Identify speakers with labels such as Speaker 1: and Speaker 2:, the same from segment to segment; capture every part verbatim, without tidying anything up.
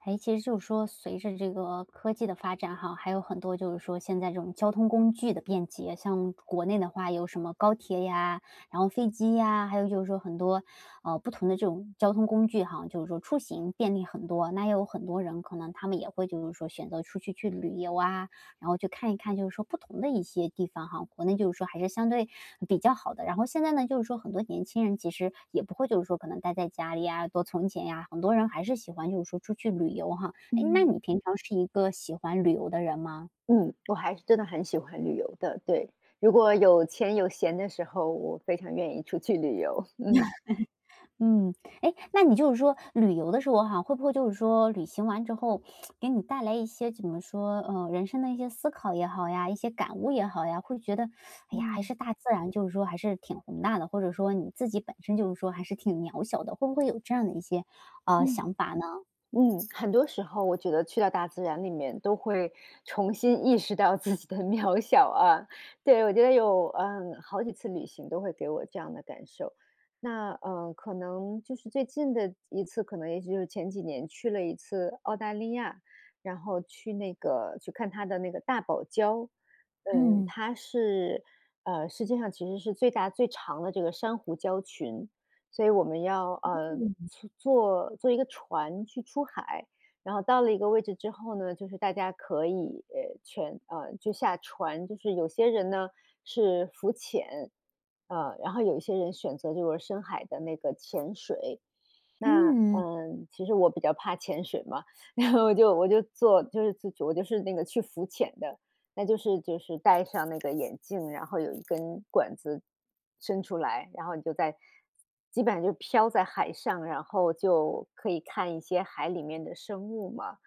Speaker 1: 哎，其实就是说随着这个科技的发展哈，还有很多就是说现在这种交通工具的便捷，像国内的话有什么高铁呀，然后飞机呀，还有就是说很多，呃，不同的这种交通工具哈，就是说出行便利很多，那也有很多人可能他们也会就是说，选择出去去旅游啊，然后去看一看就是说不同的一些地方哈，国内就是说还是相对比较好的。然后现在呢，就是说很多年轻人其实也不会就是说可能待在家里呀，多存钱呀，很多人还是喜欢就是说出去旅游哈。哎，那
Speaker 2: 嗯。
Speaker 1: 你平常是一个喜欢旅游的人吗？
Speaker 2: 嗯，我还真的很喜欢旅游的，对，如果有钱有闲的时候，我非常愿意出去旅游，嗯。
Speaker 1: 嗯，哎，那你就是说旅游的时候哈，会不会就是说旅行完之后 给你带来一些怎么说，呃，人生的一些思考也好呀，一些感悟也好呀，会觉得，哎呀，还
Speaker 2: 嗯。
Speaker 1: 是大自然就是说还是挺宏大的，或者说你自己本身就是说还是挺渺小的，会不会有这样的一些，呃，
Speaker 2: 嗯，
Speaker 1: 想法呢？
Speaker 2: 嗯，很多时候我觉得去到大自然里面都会重新意识到自己的渺小啊。对，我觉得有，嗯，好几次旅行都会给我这样的感受。那呃，可能就是最近的一次，可能也许就是前几年去了一次澳大利亚，然后去那个去看它的那个大堡礁。嗯，
Speaker 1: 嗯。
Speaker 2: 它是，呃，世界上其实是最大最长的这个珊瑚礁群，所以我们要，呃，
Speaker 1: 嗯。
Speaker 2: 坐坐一个船去出海，然后到了一个位置之后呢，就是大家可以全，呃，就下船，就是有些人呢是浮潜，呃，然后有一些人选择就是深海的那个潜水。那
Speaker 1: 嗯。
Speaker 2: 呃，其实我比较怕潜水嘛，然后我就我就做就是我就是那个去浮潜的，那就是就是戴上那个眼镜，然后有一根管子伸出来，然后你就在基本上就飘在海上，然后就可以看一些海里面的生物嘛。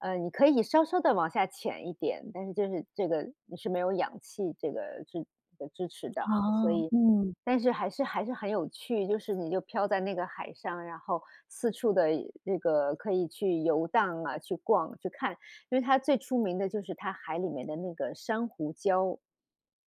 Speaker 2: 呃，你可以稍稍地往下潜一点，但是就是这个你是没有氧气这个是支持的啊，所
Speaker 1: 哦，
Speaker 2: 以
Speaker 1: 嗯。
Speaker 2: 但是还是还是很有趣。就是你就飘在那个海上，然后四处的那个可以去游荡啊，去逛、去看。因为它最出名的就是它海里面的那个珊瑚礁。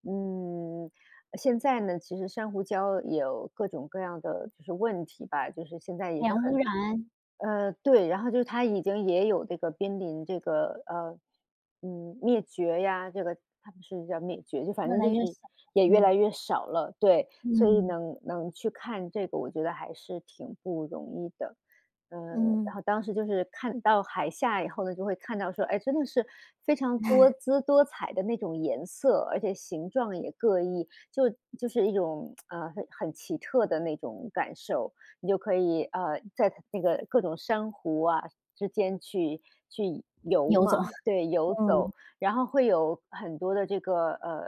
Speaker 2: 嗯，现在呢，其实珊瑚礁有各种各样的就是问题吧，就是现在也
Speaker 1: 海
Speaker 2: 是
Speaker 1: 洋污
Speaker 2: 很
Speaker 1: 染。
Speaker 2: 呃，对，然后就是它已经也有这个濒临这个，呃，嗯，灭绝呀，这个他们是叫灭绝，就反
Speaker 1: 越
Speaker 2: 正
Speaker 1: 来
Speaker 2: 就
Speaker 1: 越
Speaker 2: 是
Speaker 1: 小。
Speaker 2: 也越
Speaker 1: 嗯。
Speaker 2: 来越少了。对，所以
Speaker 1: 嗯。
Speaker 2: 能能去看这个，我觉得还是挺不容易的。呃，然
Speaker 1: 嗯。
Speaker 2: 后当时就是看到海下以后呢，就会看到说，哎，真的是非常多 姿多彩的那种颜色，而且形状也各异，就就是一种，呃，很很奇特的那种感受，你就可以，呃，在那个各种珊瑚啊，之间去去游
Speaker 1: 游走，
Speaker 2: 嘛，对，游
Speaker 1: 嗯。
Speaker 2: 走。然后会有很多的这个，呃，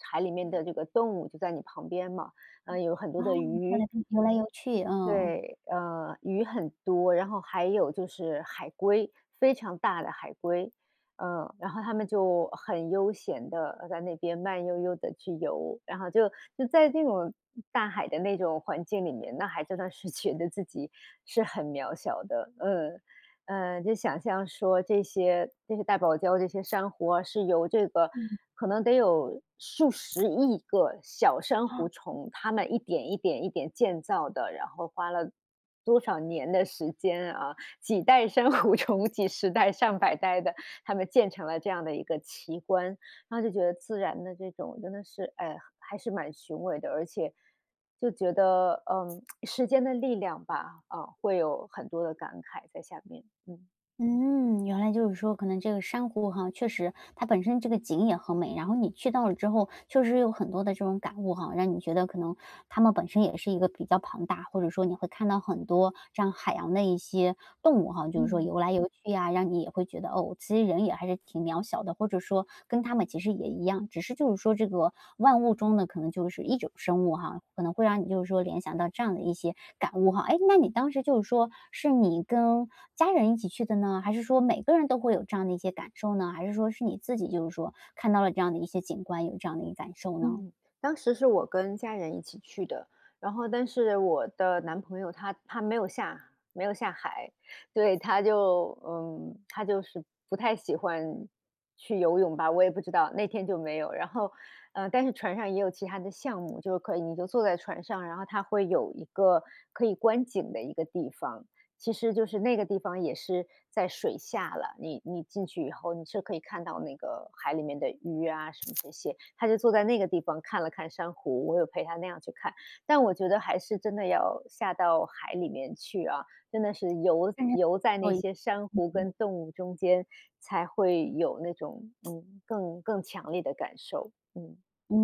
Speaker 2: 海里面的这个动物就在你旁边嘛，
Speaker 1: 哦，
Speaker 2: 啊，也有很多的鱼。
Speaker 1: 游来游去，嗯。
Speaker 2: 对，呃，鱼很多，然后还有就是海龟，非常大的海龟，呃，然后它们就很悠闲地，呃，在那边慢悠悠地去游。然后就就在那种大海的那种环境里面，那还真的是觉得自己是很渺小的，嗯。呃，就想象说这些这些大堡礁这些珊瑚啊，是由这个
Speaker 1: 嗯。
Speaker 2: 可能得有数十亿个小珊
Speaker 1: 啊。
Speaker 2: 瑚虫，它们一点一点一点建造的，然后花了多少年的时间啊，几代珊瑚虫，几十代、上百代的，它们建成了这样的一个奇观。然后就觉得自然的这种真的是，哎，还是蛮雄伟的。而且，就觉得，呃，时间的力量吧，啊，会有很多的感慨在下面，嗯。
Speaker 1: 嗯，原来就是说可能这个珊瑚哈，确实它本身这个景也很美，然后你去到了之后确实有很多的这种感悟哈，让你觉得可能它们本身也是一个比较庞大，或者说你会看到很多这样海洋的一些动物哈，就是说
Speaker 2: 嗯。
Speaker 1: 游来游去啊，让你也会觉得，哦，其实人也还是挺渺小的，或者说跟它们其实也一样，只是就是说这个万物中的可能就是一种生物哈，可能会让你就是说联想到这样的一些感悟哈。哎，那你当时就是说是你跟家人一起去的呢，还是说每个人都会有这样的一些感受呢？还是说是你自己就是说看到了这样的一些景观，有这样的一感受呢？
Speaker 2: 嗯，当时是我跟家人一起去的，然后但是我的男朋友，他他没有下没有下海，对，他就，嗯，他就是不太喜欢去游泳吧，我也不知道，那天就没有。然后，呃，但是船上也有其他的项目，就可以你就坐在船上，然后它会有一个可以观景的一个地方，其实就是，那个地方也是在水下了，你你进去以后，你是可以看到那个海里面的鱼啊什么这些，他就坐在那个地方看了看珊瑚，我有陪他那样去看，但我觉得还是真的要下到海里面去啊，真的是游
Speaker 1: 嗯。
Speaker 2: 游在那
Speaker 1: 对。
Speaker 2: 些珊瑚
Speaker 1: 嗯哼。
Speaker 2: 跟动物中间才会有那种，嗯，更更强烈的感受，嗯。
Speaker 1: 嗯，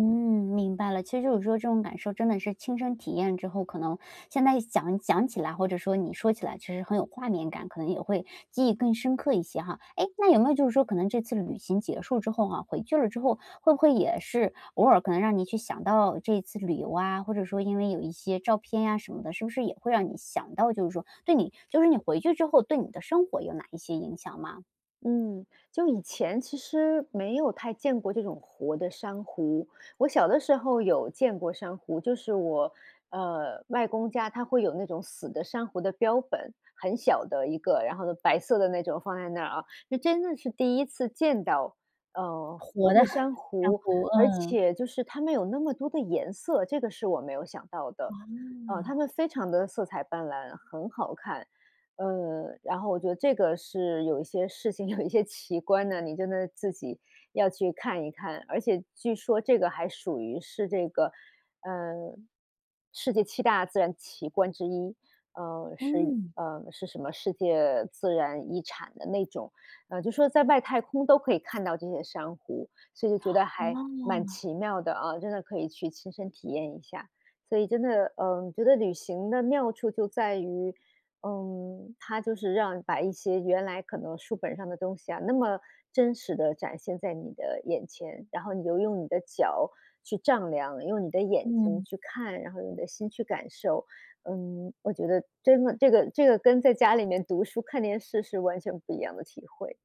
Speaker 1: 明白了，其实就是说这种感受真的是亲身体验之后，可能现在想想起来，或者说你说起来其实很有画面感，可能也会记忆更深刻一些哈。诶，那有没有就是说可能这次旅行结束之后哈，回劲儿了之后会不会也是偶尔可能让你去想到这次旅游啊，或者说因为有一些照片呀什么的，是不是也会让你想到就是说对你就是你回去之后对你的生活有哪一些影响吗？
Speaker 2: 嗯，就以前其实没有太见过这种活的珊瑚。我小的时候有见过珊瑚，就是我，呃，外公家他会有那种死的珊瑚的标本，很小的一个，然后白色的那种放在那儿啊。就真的是第一次见到，呃，活
Speaker 1: 活的
Speaker 2: 的 珊
Speaker 1: 珊
Speaker 2: 瑚，
Speaker 1: 瑚，
Speaker 2: 而
Speaker 1: 嗯。
Speaker 2: 且就是它们有那么多的颜色，这个是我没有想到的。呃，它
Speaker 1: 哇。
Speaker 2: 们非常地色彩斑斓，很好看。呃，然后我觉得这个是有一些事情，有一些奇观呢，你真的自己要去看一看，而且据说这个还属于是这个，呃，世界七大自然奇观之一，呃，是
Speaker 1: 嗯。
Speaker 2: 呃，是什么世界自然遗产的那种。呃，就说在外太空都可以看到这些珊瑚，所以觉得还
Speaker 1: 哦。
Speaker 2: 蛮奇妙的啊，真的可以去亲身体验一下。所以真的，嗯，觉得旅行的妙处就在于，嗯，它就是让把一些原来可能书本上的东西啊，那么真实地展现在你的眼前，然后你就用你的脚去丈量，用你的眼睛
Speaker 1: 嗯。
Speaker 2: 去看，然后用你的心去感受。嗯，我觉得真的这个这个跟在家里面读书看电视是完全不一样的体会。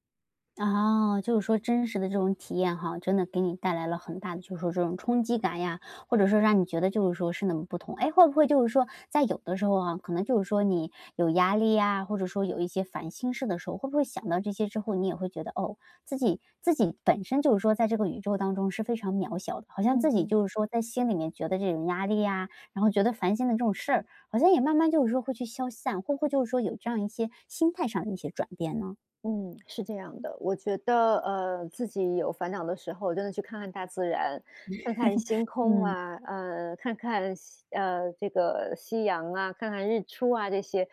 Speaker 1: 啊，就是说真实的这种体验哈，真的给你带来了很大的就是说这种冲击感呀，或者说让你觉得就是说是那么不同。哎，会不会就是说，在有的时候哈，可能就是说你有压力呀，或者说有一些烦心事的时候，会不会想到这些之后，你也会觉得，哦，自己自己本身就是说在这个宇宙当中是非常渺小的，好像
Speaker 2: 嗯
Speaker 1: 自己
Speaker 2: 哼。
Speaker 1: 就是说在心里面觉得这种压力呀，然后觉得烦心的这种事儿，好像也慢慢就是说会去消散，会不会就是说有这样一些心态上的一些转变呢？
Speaker 2: 嗯，是这样的，我觉得，呃，自己有烦恼的时候，真的去看看大自然，看看 星空
Speaker 1: 嗯。
Speaker 2: 啊，呃，看看夕呃，这个夕阳啊，看看日出啊这些，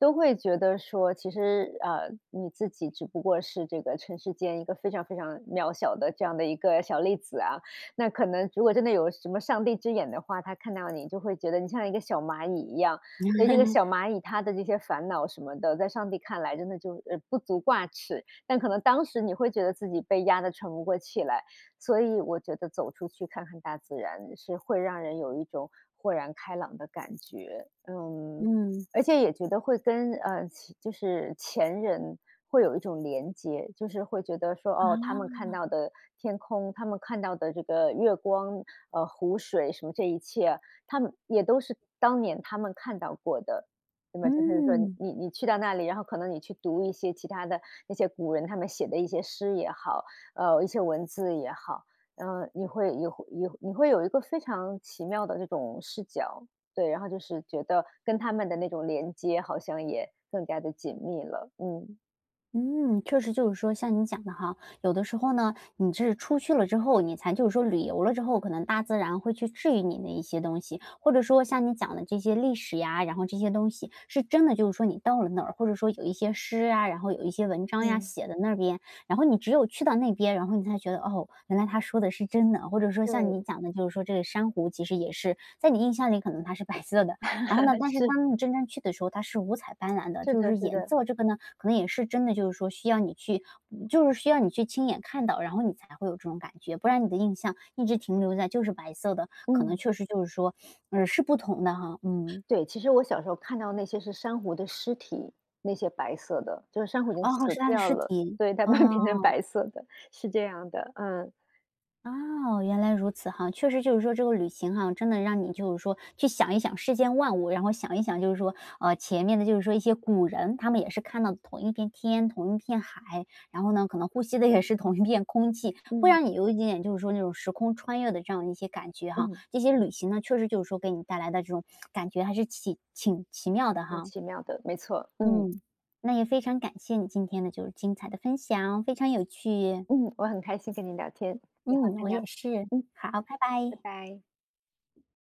Speaker 2: 都会觉得说，其实呃，你自己只不过是这个尘世间一个非常非常渺小的这样的一个小粒子啊。那可能如果真的有什么上帝之眼的话，他看到你就会觉得你像一个小蚂蚁一样，所以这个小 蚂蚁它的这些烦恼什么的，在上帝看来真的就呃，不足挂齿，但可能当时你会觉得自己被压得喘不过气来。所以我觉得走出去看看大自然是会让人有一种豁然开朗的感觉，嗯，
Speaker 1: 嗯。
Speaker 2: 而且也觉得会跟呃，起就是前人会有一种连接。就是会觉得说，哦，他们看
Speaker 1: 啊。
Speaker 2: 到的天空，他们看到的这个月光，呃，湖水什么这一切，他们也都是当年他们看到过的。那么就是说
Speaker 1: 嗯。
Speaker 2: 你你去到那里，然后可能你去读一些其他的那些古人，他们写的一些诗也好呃，一些文字也好，嗯，你会有有你会有一个非常奇妙的这种视角，对，然后就是觉得跟他们的那种连接好像也更加地紧密了，嗯。
Speaker 1: 嗯，确实就是说像你讲的哈。有的时候呢，你是出去了之后，你才就是说旅游了之后，可能大自然会去治愈你的一些东西，或者说像你讲的这些历史呀，然后这些东西是真的就是说你到了那儿，或者说有一些诗啊，然后有一些文章呀，
Speaker 2: 嗯。
Speaker 1: 写的那儿边，然后你只有去到那边，然后你才觉得，哦，原来它说的是真的。或者说像
Speaker 2: 对。
Speaker 1: 你讲的就是说这个珊瑚其实也是在你印象里可能它是白色的，然后呢，但是
Speaker 2: 是。
Speaker 1: 当你真正去的时候，它是五彩斑斓的。
Speaker 2: 是
Speaker 1: 就是
Speaker 2: 的，
Speaker 1: 说
Speaker 2: 是
Speaker 1: 颜
Speaker 2: 的。
Speaker 1: 色这个呢，可能也是真的就是说需要你去就是需要你去亲眼看到，然后你才会有这种感觉，不然你的印象一直停留在就是白色的，可能
Speaker 2: 嗯。
Speaker 1: 确实就是说，嗯，是不同的哈，嗯。
Speaker 2: 对，其实我小时候看到那些是珊瑚的尸体，那些白色的，就是珊瑚已经
Speaker 1: 哦哦，是
Speaker 2: 死
Speaker 1: 它的
Speaker 2: 掉
Speaker 1: 尸
Speaker 2: 了。
Speaker 1: 体，
Speaker 2: 对，但慢慢
Speaker 1: 哦。
Speaker 2: 变成白色的，是这样的，嗯。
Speaker 1: 哦，原来如此哈。确实就是说这个旅行哈，真的让你就是说去想一想世间万物，然后想一想就是说，啊，前面的就是说一些古人，他们也是看到的同一片天、同一片海，然后呢，可能呼吸的也是同一片空气，会
Speaker 2: 嗯。
Speaker 1: 让你有一点点，就是说那种时空穿越的这样一些感觉哈，
Speaker 2: 嗯。
Speaker 1: 这些旅行呢，确实就是说给你带来的这种感觉还是起挺奇妙的
Speaker 2: 很
Speaker 1: 哈。
Speaker 2: 奇妙的，没错，嗯。
Speaker 1: 嗯。那也非常感谢你今天的就是精彩的分享，非常有趣。
Speaker 2: 嗯，我很开心跟你聊天，以
Speaker 1: 嗯，
Speaker 2: 后再
Speaker 1: 我
Speaker 2: 聊，
Speaker 1: 也是。
Speaker 2: 嗯。
Speaker 1: 好，拜拜。
Speaker 2: 拜拜。